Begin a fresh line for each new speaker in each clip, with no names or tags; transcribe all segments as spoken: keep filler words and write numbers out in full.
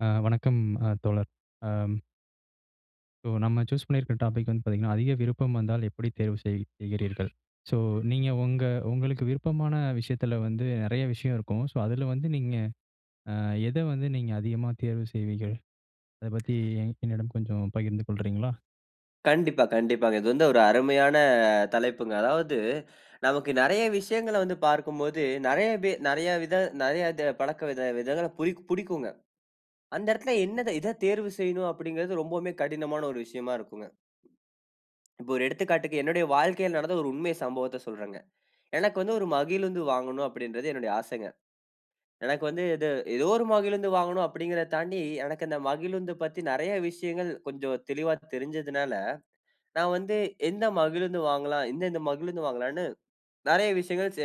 ஆ வணக்கம் அ தோழர். Um so. நம்ம சூஸ் பண்ணியிருக்கிற டாப்பிக் வந்து பார்த்தீங்கன்னா, அதிக விருப்பம் வந்தால் எப்படி தேர்வு செய் செய்கிறீர்கள்? ஸோ, நீங்க உங்க உங்களுக்கு விருப்பமான விஷயத்துல வந்து நிறைய விஷயம் இருக்கும். ஸோ, அதுல வந்து நீங்க அ எத வந்து நீங்க அதிகமா தேர்வு செய்வீகள்? அத பத்தி என்னிடம் கொஞ்சம் பகிர்ந்து கொள்றீங்ளா?
கண்டிப்பா. கண்டிப்பாங்க. இது வந்து ஒரு அருமையான தலைப்புங்க. அதாவது நமக்கு நிறைய விஷயங்கள வந்து பார்க்கும்போது, நிறைய வி நிறைய வித நிறைய இத பழக்க விதங்கள புதிக் புடிக்குங்க. அந்த இடத்துல என்னத இத தேர்வு செய்யணும், அப்டிங்கிறது ரொம்பமே கடினமான ஒரு விஷயமா இருக்குங்க. இப்போ ஒரு எடுத்துக்காட்டுக்கு, என்னுடைய வாழ்க்கையில நடந்த ஒரு உண்மை சம்பவத்த சொல்றங்க. எனக்கு வந்து ஒரு மகிழுந்து வாங்கணும் அப்டின்றது என்னுடைய ஆசைங்க. எனக்கு வந்து இது ஏதோ ஒரு மகிழுந்து வாங்கணும் அப்டிங்கிறத தாண்டி. எனக்கு இந்த மகிழுந்து பத்தி நிறைய விஷயங்கள் கொஞ்சம் தெளிவா தெரிஞ்சுதுனால, நான் வந்து எந்த மகிழுந்து வாங்கலாம், எந்தெந்த மகிழுந்து வாங்கலானு நிறைய விஷயங்கள் ச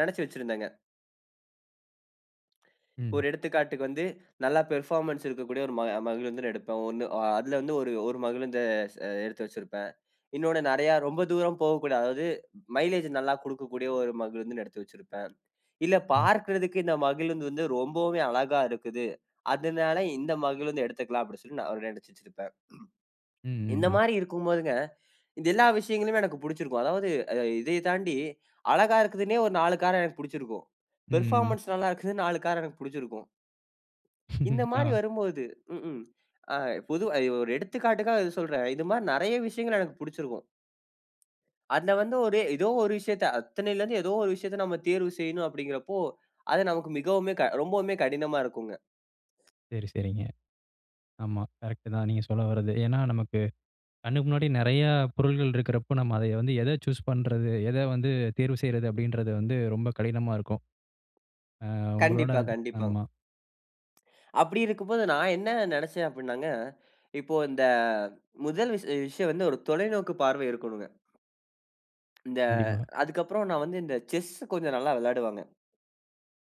நினச்சு வச்சிருந்தேங்க.
ம்.
ஒரு எடுத்துக்காட்டுக்கு வந்து, நல்ல பெர்ஃபார்மன்ஸ் இருக்கக்கூடிய ஒரு ம மகிழ்ந்து எடுப்பேன். ஒன்னு ஆ அதுல வந்து ஒரு ஒரு மகிழுந்த ச எடுத்து வச்சிருப்பேன். இன்னொன்னு நிறைய ரொம்ப தூரம் போகக்கூடாது. அதாவது, மைலேஜ் நல்லா குடுக்கக்கூடிய ஒரு மகிழுந்து எடுத்து வச்சிருப்பேன். இல்ல
ம்.
பார்க்கறதுக்கு இந்த மகிழுந்து வந்து ரொம்பவே அழகா இருக்குது. அதுனால, இந்த மகிழ்ந்து எடுத்துக்குலாம் அப்டினு சொல்லி நான் நினச்சு வச்சிருப்பேன்.
ம். ம்.
இந்த
ம்
மாரி இருக்கும் போதுங்க, இந்த எல்லா விஷயங்களுமே எனக்கு பிடிச்சிருக்கும். அதாவது, அ இதைய தாண்டி அழகா இருக்குதுன்னே ஒரு நாலு கார எனக்கு புடிச்சிருக்கும்.
ம்.
பெர்ஃபார்மன்ஸ் நல்லா இருக்குதுன்னு நாலு கார் எனக்கு புடிச்சிருக்கும். இந்த மாரி
ஆ.
வரும்போது ம்ஹ்ம். அ பொதுவா அ ஒரு எடுத்துக்காட்டுக்கா சொல்றன். இது மாரி நிறைய விஷயங்கள எனக்கு புடிச்சிருக்கும். அதுல வந்து ஒரே ஏதோ ஒரு விஷயத்த அத்தனையில இருந்து ஏதோ ஒரு விஷயத்த நம்ம தேர்வு செய்யணும் அப்டிங்கிறப்போ, அது நமக்கு மிகவுமே ரொம்பவுமே கடினமா இருக்கும்ங்க.
சரி, சரிங்க. ஆமா. கரெக்ட்டு தான் நீங்க சொல்ல வர்றது. ஏன்னா நமக்கு கண்ணுக்கு முன்னாடி நிறைய பொருள்கள் இருக்குற அப்போ, நம்ம அத வந்து எத சூஸ் பண்றது. எத வந்து தேர்வு செய்றது அப்டின்றது வந்து, ரொம்ப கடினமா இருக்கும். ஆ உங்களோட
கண்டிப்பா, கண்டிப்பாங்க.
ஆமா.
அப்டி இருக்கும் போது, நான் என்ன நினச்சேன் அப்டினாங்க, இப்போ இந்த ஆ முதல் விஷயோ விஷயம் வந்து ஒரு தொலைநோக்கு பார்வை இருக்கணுங்க. இந்த
கண்டிப்பா.
அதுக்கு அப்புறம் நான் வந்து இந்த செஸ்சு கொஞ்சம் நல்லா விளையாடுவேங்க.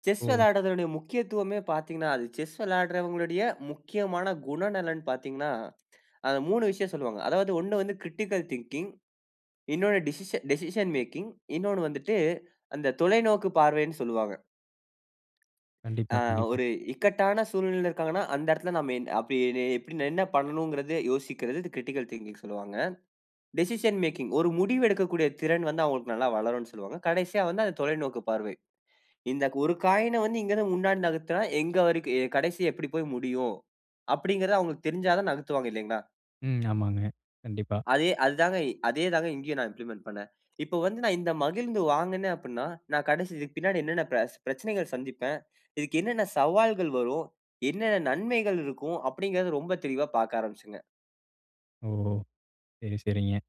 செஸ்
ஓ!
விளையாடுவதனுடைய முக்கியத்துவமே பார்த்தீங்கனா, அது செஸ் விளையாடுன்றவர்களுடைய முக்கியமான குணநலன் பார்த்தீங்கன்னா, அந்த மூனு விஷயம் சொல்வாங்க. அதாவது ஒன்னு வந்து கிரிட்டிக்கல் திங்கிங் இன்னொன்னு டிசிஷ டிசிஷன் மேக்கிங் இன்னொன்னு வந்துட்டு. அந்த தொலைநோக்கு பார்வைனு சொல்லுவாங்க. ஆ.
கண்டிப்பா, கண்டிப்பா.
ஒரு இக்கட்டான சூழ்நிலையில இருக்காங்கன்னா, அந்த இடத்துல நம்ம என் எப்படிடே என்ன பண்ணனுங்கிறது, யோசிக்கறது கிரிட்டிக்கல் திங்கிங்னு சொல்வாங்க. டிசிஷன் மேக்கிங் ஒரு முடிவு எடுக்கக்கூடிய திறன் வந்து அவங்களுக்கு நல்லா வளரும்னு சொல்லுவாங்க. கடைசியா வந்து அந்த தொலைநோக்கு பார்வை. இந்த ஒரு காயின்ன வந்து இங்க இருந்து முன்னாடி நகர்த்துனா, எங்க வரைக்கும் அ கடைசி எப்டி போய் முடியும். அப்டிங்கிறத அவங்களுக்கு தெரிஞ்சா தான் நகர்த்துவாங்க இல்லைங்ளா?
ம். ஆமாங்க. கண்டிப்பா.
அதே அது தாங்க அதே தாங்க இங்கேயும் நான் இம்ப்ளிமெண்ட் பண்ணேன். இப்ப வந்து நான் இந்த மகிழுந்து வாங்கினே அப்டின்னா, நான் கடைசி இதுக்கு பின்னாடி என்னென்ன பெச பிரச்சனைகள் சந்திப்பேன். இதுக்கு என்னென்ன சவால்கள் வரும், என்னென்ன நன்மைகள் இருக்கும், அப்டின்கிறத ரொம்ப தெளிவா பார்க்க ஆரம்பிச்சங்க.
ஓ! சரி, சரிங்க.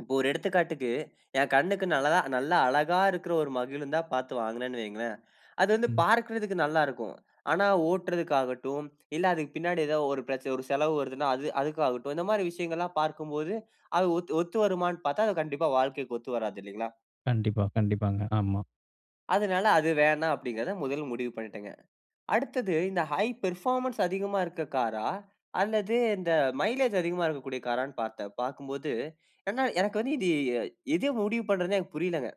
இப்போ ஒரு எடுத்துக்காட்டுக்கு என் கண்ணுக்கு நல்லதா, நல்லா அழகா இருக்குற ஒரு மகிழுந்தா பார்த்து வாங்குனேனு வையுங்களேன், அது வந்து
ம்.
பார்க்கறதுக்கு நல்லா இருக்கும். ஆனா, ஓட்டுறதக்கு ஆகட்டும், இல்ல அதுக்கு பின்னாடி ஏதாவது ஒரு பிரச்ச ஒரு செலவு வருதுன்னா, அது அதுக்காகட்டும். இந்த மாரி விஷயங்கள்ல்லாம் பார்க்கும்போது, அது ஒத்து ஒத்து வருமான்னு பார்த்தா அது கண்டிப்பா வாழ்க்கைக்கு ஒத்து வராது இல்லிங்களா?
கண்டிப்பா, கண்டிப்பாங்க. ஆமா.
அதுனால அது வேணாம் அப்படிங்கறத முதல் முடிவு பண்ணிட்டேங்க. அடுத்தது இந்த ஹை பெர்ஃபார்மன்ஸ் அதிகமா இருக்க காரா அல்லது இந்த மைலேஜ் அதிகமா இருக்கக்கூடிய காரான்னு பார்த்தேன். பார்க்கும்போது ஏன்னா, எனக்கு வந்து இது எது முடிவு பண்ணுறதுன்னே எனக்கு புரியலைங்க.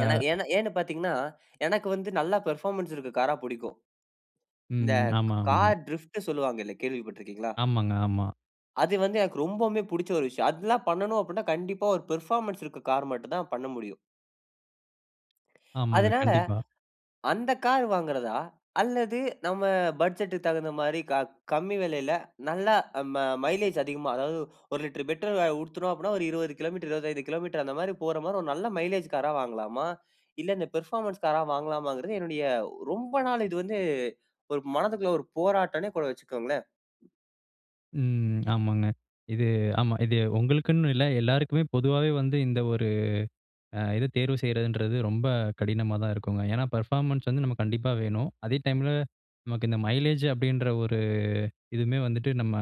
ஏன்னா ஏன்னா ஏன்னு பாத்தீங்கன்னா, எனக்கு வந்து நல்ல பெர்ஃபார்மன்ஸ் இருக்க காரா புடிக்கும். இந்த
ம். ஆமா, ஆம்.
கார் டிரிஃப்ட் சொல்லுவாங்க இல்ல, கேள்விப்பட்டிருக்கீங்களா?
ஆமாங்க, ஆமா.
அது வந்து எனக்கு ரொம்பவுமே புடிச்ச ஒரு விஷயம். அதெல்லாம் பண்ணணும் அப்படின்னா? கண்டிப்பா, ஒரு பெர்ஃபார்மன்ஸ் இருக்க கார் மட்டும் தான் பண்ண முடியும்.
ஆமாங்க,
அதனால
கண்டிப்பா.
அந்த கார் வாங்குறதா? அல்லது நம்ம பட்ஜெட்டுக்கு தகுந்த மாரி க கம்மி விலையில நல்லா ம மைலேஜ் அதிகமா, அதாவது ஒரு லிட்டர் பெட்ரோல் ஊத்தினோம் அப்படின்னா, ஒரு இருவது கிலோமீட்டர், இருவத்தி ஐந்து கிலோமீட்டர் அந்த மாரி போற மாரி, ஒரு நல்ல மைலேஜ் காரா வாங்கலாமா? இல்ல இந்த பெர்ஃபார்மன்ஸ் காரா வாங்கலாமாங்குறது, என்னுடைய ரொம்ப நாள் இது வந்து ஒரு மனதுக்குள்ள ஒரு போராட்டம்னே கூட வச்சுக்கோங்களேன்.
ம். ஆமாங்க, இது ஆமா இது உங்களுக்குன்னு இல்ல, எல்லாருக்குமே பொதுவாவே வந்து இந்த ஒரு அ இது தேர்வு செய்கிறதுன்றது ரொம்ப கடினமாதா இருக்குங்க. ஏன்னா பர்ஃபார்மன்ஸ் வந்து நமக்கு கண்டிப்பா வேணும். அதே டைமில, நமக்கு இந்த மைலேஜ் அப்படின்ற ஒரு இதுவுமே வந்துட்டு நம்ம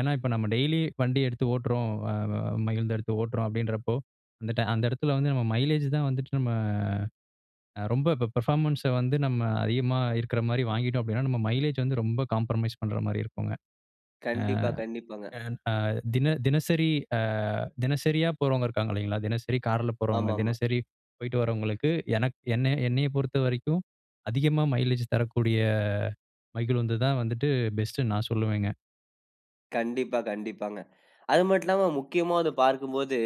ஏன்னா இப்ப நம்ம டெய்லி வண்டி எடுத்து ஓட்டுறோம். அ வ மகிழ்ந்த எடுத்து ஓட்டுறோம். அப்படின்றப்போ, அந்த டைம் அந்த இடத்தில வந்து நம்ம மைலேஜ் தான் வந்துட்டு நம்ம ரொம்ப இப்ப பெர்ஃபார்மன்ஸ வந்து நம்ம அதிகமா இருக்கிற மாதிரி வாங்கிட்டோம் அப்படின்னா நம்ம மைலேஜ் வந்து ரொம்ப காம்ப்ரமைஸ் பண்ணுற மாதிரி இருக்கும்ங்க.
கண்டிப்பா, கண்டிப்பாங்க.
அ அ அ தின தினசரி அ தினசரியா போறவங்க இருக்காங்க இல்லைங்களா, தினசரி கார்ல போறவங்க,
ஆமாமா.
தினசரி போய்ட்டு வரவங்களுக்கு எனக்கு என்னை என்னை பொறுத்த வரைக்கும் அதிகமா மைலேஜ் தரக்கூடிய மகிழுந்து தான் வந்துட்டு பெஸ்ட்டுன்னு நான் சொல்லுவேங்க.
கண்டிப்பா, கண்டிப்பாங்க. அது மட்டும் இல்லாம, முக்கியமா வந்து பார்க்கும்போது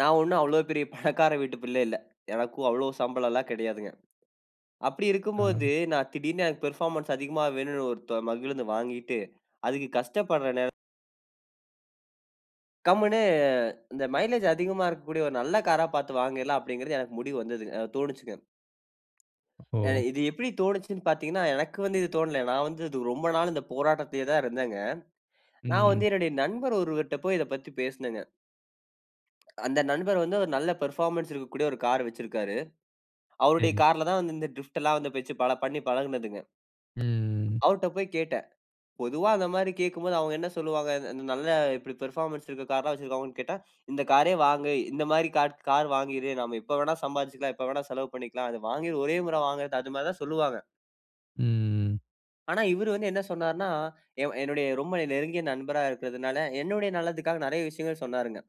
நான் ஒன்னும் அவ்வளவு பெரிய பணக்கார வீட்டு பிள்ளை இல்ல. எனக்கும் அவ்வளவு சம்பளம் எல்லா கிடையாதுங்க. அப்படி
ஆ.
இருக்கும்போது நான் திடீர்ன்னு எனக்கு பர்ஃபார்மன்ஸ் அதிகமா வேணும்ன்னு ஒரு தொ மகிழுந்து வாங்கிட்டு அதுக்கு கஷ்டப்படுற நேர கம்னு இந்த மைலேஜ் அதிகமா இருக்கக்கூடிய ஒரு நல்ல காரா பார்த்து வாங்கிவிடலாம் அப்படிங்கிறது எனக்கு முடிவு வந்தது. அ தோணிச்சுங்க. ஆ
ஓ.
இது எப்படி தோனிச்சுன்னு பார்த்தீங்கனா, எனக்கு வந்து இது தோனல. நான் வந்து து ரொம்ப நாள் இந்த போராட்டத்திலேயே தான் இருந்தேன்ங்க. நான்
ம்.
வந்து என்னுடைய நண்பர் ஒருவர்ட போய் இத பற்றி பேசினேங்க. அந்த நண்பர் வந்து ஒரு நல்ல பெர்ஃபார்மன்ஸ் இருக்கக்கூடிய ஒரு கார் வைச்சிருக்காரு. அவருடைய
சரி.
கார்ல தான் வந்து இந்த டிரிப்டுல்லாம் வச்சி பல பண்ணி பழகுனதுங்க.
ம்.
அவர்ட போய் கேட்டேன். பொதுவா அந்த மாரி கேட்கும்போது அவங்க என்ன சொல்லுவாங்க? இந்த இந்த நல்ல இப்படி பெர்ஃபார்மன்ஸ் இருக்கிற கார் எல்லாம் வச்சிருக்காங்கன்னு கேட்டா, "இந்த காரே வாங்கு, இந்த மாரி காட் கார் வாங்கிரு. நாம எப்ப வேணா சம்பாரிச்சுக்கலாம். எப்ப வேணா செலவு பண்ணிக்கலாம். அது வாங்கி ஒரே முறை வாங்குறது" அது மாரி தான் சொல்லுவாங்க.
ம்.
ஆனா, இவரு வந்து என்ன சொன்னார்னா, எ என்னுடைய ரொம்ப நீ நெருங்கிய நண்பரா இருக்குறதனால, என்னுடைய நலத்துக்காக நிறைய விஷயங்கள் சொன்னார்ங்க.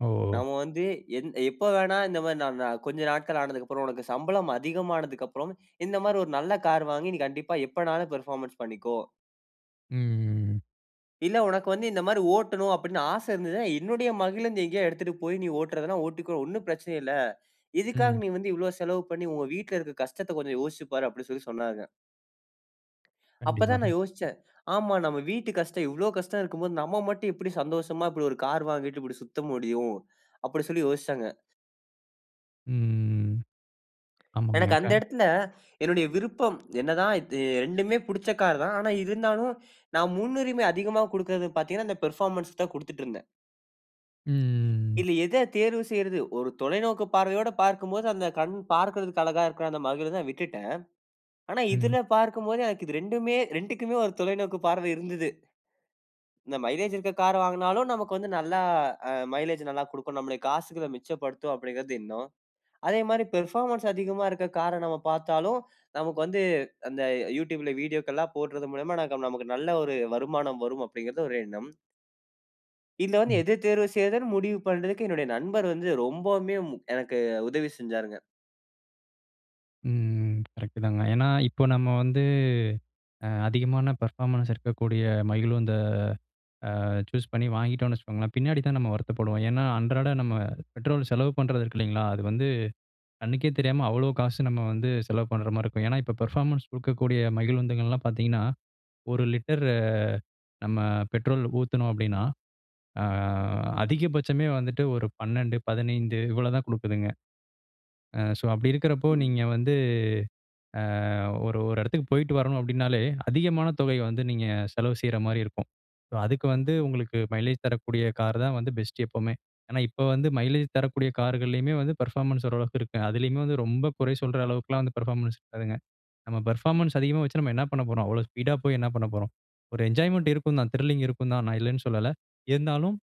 ஓ!
நாம வந்து எந் எப்போ வேணா இந்த மாரி நாம் நா கொஞ்சம் நாட்கள் ஆனதுக்கப்புறம், "உனக்கு சம்பளம் அதிகமானதுக்கப்புறம் இந்த மாரி ஒரு நல்ல கார் வாங்கி, நீ கண்டிப்பா எப்பனாலும் பெர்ஃபார்மன்ஸ் பண்ணிக்கோ"
ம்.
"இல்ல உனக்கு வந்து இந்த மாரி ஓட்டணும் அப்படினு ஆச இருந்ததுனா, என்னுடைய மகிழுந்து எங்கேயாவது எடுத்துட்டு போய் நீ ஓட்றதுனா ஓட்டிக்கோ. ஒன்னும் பிரச்சனையே இல்ல. இதுக்காக
ம்.
நீ வந்து இவ்வளவு செலவு பண்ணி உங்க வீட்ல இருக்குற கஷ்டத்த கொஞ்சம் யோசித்து பார்." அப்படினு சொல்லி சொன்னாங்க. அப்பதான்
கண்டிப்பாங்க.
நான் யோசிச்சேன். "ஆமா நம்ம வீட்டு கஷ்டம் இவ்ளோ கஷ்டம் இருக்கும்போது, நம்ம மட்டும் எப்டி சந்தோஷமா இப்டி ஒரு கார் வாங்கிட்டு இப்டி சுத்த முடியும்."அப்டி சொல்லி யோசிச்சேங்க.
ம். ஆமாங்க.
எனக்கு அந்த
க
இடத்துல என்னுடைய விருப்பம் என்னதான் ரெண்டுமே புடிச்ச கார் தான். ஆனா, இருந்தாலும் நான் முன்னுரிமை அதிகமா குடுக்கிறது பார்த்தீங்கன்னா அந்த பெர்ஃபார்மன்ஸ் தான் குடுத்துட்டு இருந்தேன்.
ம்.
இதுல எத தேர்வு செய்றது? ஒரு தொலைநோக்கு பார்வையோடு பார்க்கும்போது, அந்த கண் பார்க்கறதுக்கு அழகா இருக்கற அந்த மகிழுந்ததா விட்டுட்டேன். ஆனா
ம்.
இதுல பார்க்கும்போது எனக்கு இது ரெண்டுமே ரெண்டுக்குமே ஒரு தொலைநோக்கு பார்வை இருந்தது. இந்த மைலேஜ் இருக்க கார வாங்குனாலும் நமக்கு வந்து நல்லா அ மைலேஜ் நல்லா குடுக்கும், நம்மளோட காசுகள மிச்சப்படுத்தும் அப்டிங்கிறது எண்ணம். அதேமாரி பெர்ஃபார்மன்ஸ் அதிகமா இருக்க கார நம்ம பாத்தாலும் நமக்கு வந்து, அந்த அ YouTubeல வீடியோக்கள்லாம் போடறது மூலியமா நாக நமக்கு நல்ல ஒரு வருமானம் வரும் அப்படிங்கிறது ஒரு எண்ணம். இது வந்து
ம்.
எத தேர்வு செய்றதுனு முடிவு பண்றதுக்கு என்னுடைய நண்பர் வந்து ரொம்பவுமே எனக்கு அ உதவி செஞ்சாருங்க.
ம் கரெக்ட்தாங்க. ஏன்னா இப்போ நம்ம வந்து அ அதிகமான பெர்ஃபார்மன்ஸ் இருக்கக்கூடிய மகிழுந்த அ சூஸ் பண்ணி வாங்கிட்டோம்னு வச்சுக்கோங்களேன், பின்னாடிதான் நம்ம வருத்தப்படுவோம். ஏன்னா அன்றாட நம்ம பெட்ரோல் செலவு பண்றது இருக்கு இல்லைங்களா, அது வந்து கண்ணுக்கே தெரியாம அவ்வளோ காசு நம்ம வந்து செலவு பண்ற மாரி இருக்கும். ஏன்னா இப்போ பெர்ஃபார்மன்ஸ் கொடுக்கக்கூடிய மகிழுந்துகள்ல்லாம் பார்த்தீங்கன்னா, ஒரு லிட்டர் அ நம்ம பெட்ரோல் ஊத்துனோம் அப்டின்னா, அ அதிகபட்சமே வந்துட்டு ஒரு பண்ணெண்டு, பதினைந்து இவ்வளவுதான் குடுக்குதுங்க. அ சோ அப்டி இருக்கறப்போ
ம்.
நீங்க வந்து, அ ஒரு அ ஓர் ஒரு எடத்துக்கு போய்ட்டு வரணு அப்டின்னாலே, அதிகமான தொகை வந்து நீங்க செலவு செய்ற மாரி இருக்கும். அதுக்கு வந்து உங்களுக்கு மைலேஜ் தரக்கூடிய கார் தான் பெஸ்ட் எப்பவுமே. ஏன்னா இப்ப வந்து மைலேஜ் தரக்கூடிய கார்கள்லயுமே வந்து பெர்ஃபார்மன்ஸ் ஓரளவுக்கு இருக்கும். அதுலயுமே வந்து ரொம்ப குறை சொல்ற அளவுக்குல்லாம் வந்து பெர்ஃபார்மன்ஸ் இருக்காதுங்க. நம்ம பெர்ஃபார்மன்ஸ் அதிகமா வச்சு நம்ம என்ன பண்ண போறோம். அவ்வளோ ஸ்பீடா போய் என்ன பண்ண போறோம்? ஒரு என்ஜாய்மென்ட் இருக்கும் தான், த்ரில்லிங் இருக்கும் தான், நான் இல்லன்னு சொல்லல. இருந்தாலும்,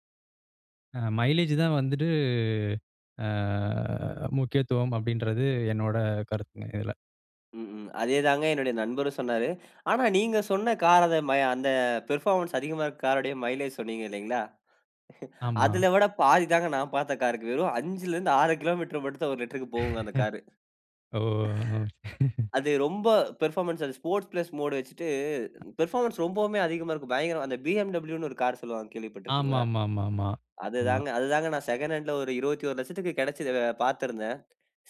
அ மைலேஜ் தான் வந்துட்டு அ முக்கியத்துவம் அப்டின்றது என்னோட கருத்துங்க இதுல.
ம். ம். அதே தாங்க என்னுடைய நண்பரும் சொன்னாரு. ஆனா நீங்க சொன்ன கார் அந்த மை அந்த பெர்ஃபார்மன்ஸ் அதிகமா இருக்க காருடைய மைலேஜ் சொன்னீங்க இல்லைங்களா?
ஆமா.
அதுல விட பாதி தாங்க நான் பார்த்த கார்க்கு. வெறும் அஞ்சுலருந்து ஆறு கிலோமீட்டர் மட்டும் தான் ஒரு லிட்டர்க்கு போகுங்க அந்த கார்.
ஓ!
அது ரொம்ப பெர்ஃபார்மன்ஸ். அது 'ஸ்போர்ட்ஸ் ப்லஸ் மோடு' வச்சுட்டு, பெர்ஃபார்மன்ஸ் ரொம்பவுமே அதிகமா இருக்கும். பயங்கரமா! அந்த BMW ன்னு ஒரு கார் சொல்லுவாங்க கேள்விப்பட்டிருக்கிங்களா?
ஆமாமாமாமா. ஆமா.
அதுதாங்க, அதுதாங்க நான் செகண்ட் ஹேண்ட்ல ஒரு இருபத்தோரு லட்சத்துக்கு கிடைச்சுது பார்த்திருந்தேன்.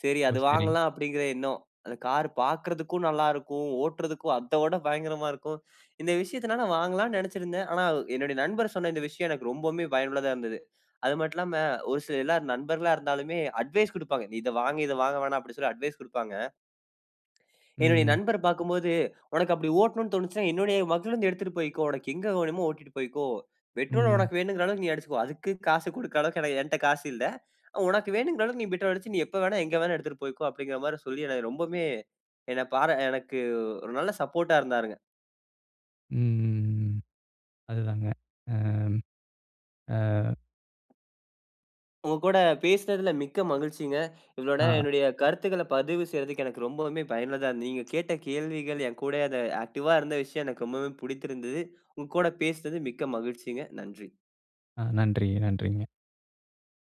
சரி
ஓ,
அது
சரி.
வாங்கலாம் அப்படிங்கிற எண்ணம். அந்த கார் பார்க்கறதுக்கும் நல்லா இருக்கும். ஓட்டுறதக்கும் அத விட பயங்கரமா இருக்கும். இந்த விஷயத்தனால நான் வாங்கலாம்ன்னு நெனைச்சிருந்தேன். ஆனா அ என்னுடைய நண்பர் சொன்ன இந்த விஷயம் எனக்கு ரொம்பவுமே பயனுள்ளதா இருந்தது. அது மட்டும் இல்லாம ஒரு சிலர் எல்லாம், நண்பர்களா இருந்தாலுமே அட்வைஸ் குடுப்பாங்க. நீ இதை வாங்கு இதை வாங்க வேணாம் அப்படின்னு சொல்லி அட்வைஸ் குடுப்பாங்க. என்னுடைய
ம்.
நண்பர பார்க்கும்போது, "உனக்கு அப்படி ஓட்டணும்னு தோனுச்சுன்னா என்னுடைய மகிழுந்து எடுத்துட்டு போய்க்கோ. உனக்கு எங்க வேணுமோ ஓட்டிட்டு போய்க்கோ. பெட்ரோல
ம்.
உனக்கு வேணுங்கிற அளவுக்கு நீ அடிச்சுக்கோ. அதுக்கு காசு குடுக்கிற அளவுக்கு ஏன்னா என்ட காசு இல்லை. உனக்கு வேணுங்கிற அளவுக்கு நீ பெட்ரோல் அடிச்சு, நீ எப்ப வேணாலும், எங்க வேணாலும், எடுத்துட்டு போய்க்கோ." அப்படின்ற மாரி சொல்லி எனக்கு ரொம்பவுமே என்னை பாரா எனக்கு ஒரு நல்ல சப்போர்ட்டா இருந்தாருங்க.
ம். ம். ம். அதுதாங்க. அம். அ.
உங்க கூட பேசினதில மிக்க மகிழ்ச்சிங்க. இவ்வளோ நேரம்
ஆ.
என்னுடைய கருத்துக்களை பதிவு செய்றதற்கு எனக்கு ரொம்பவுமே பயனுள்ளதா இருந்தது. நீங்க கேட்ட கேள்விகள் என் கூடே அத ஆக்டிவா இருந்த விஷயம் எனக்கு ரொம்பவே புடித்திருந்தது. உங்க கூட பேசினது மிக்க மகிழ்ச்சிங்க. நன்றி!
அ. நன்றிங்க. நன்றிங்க.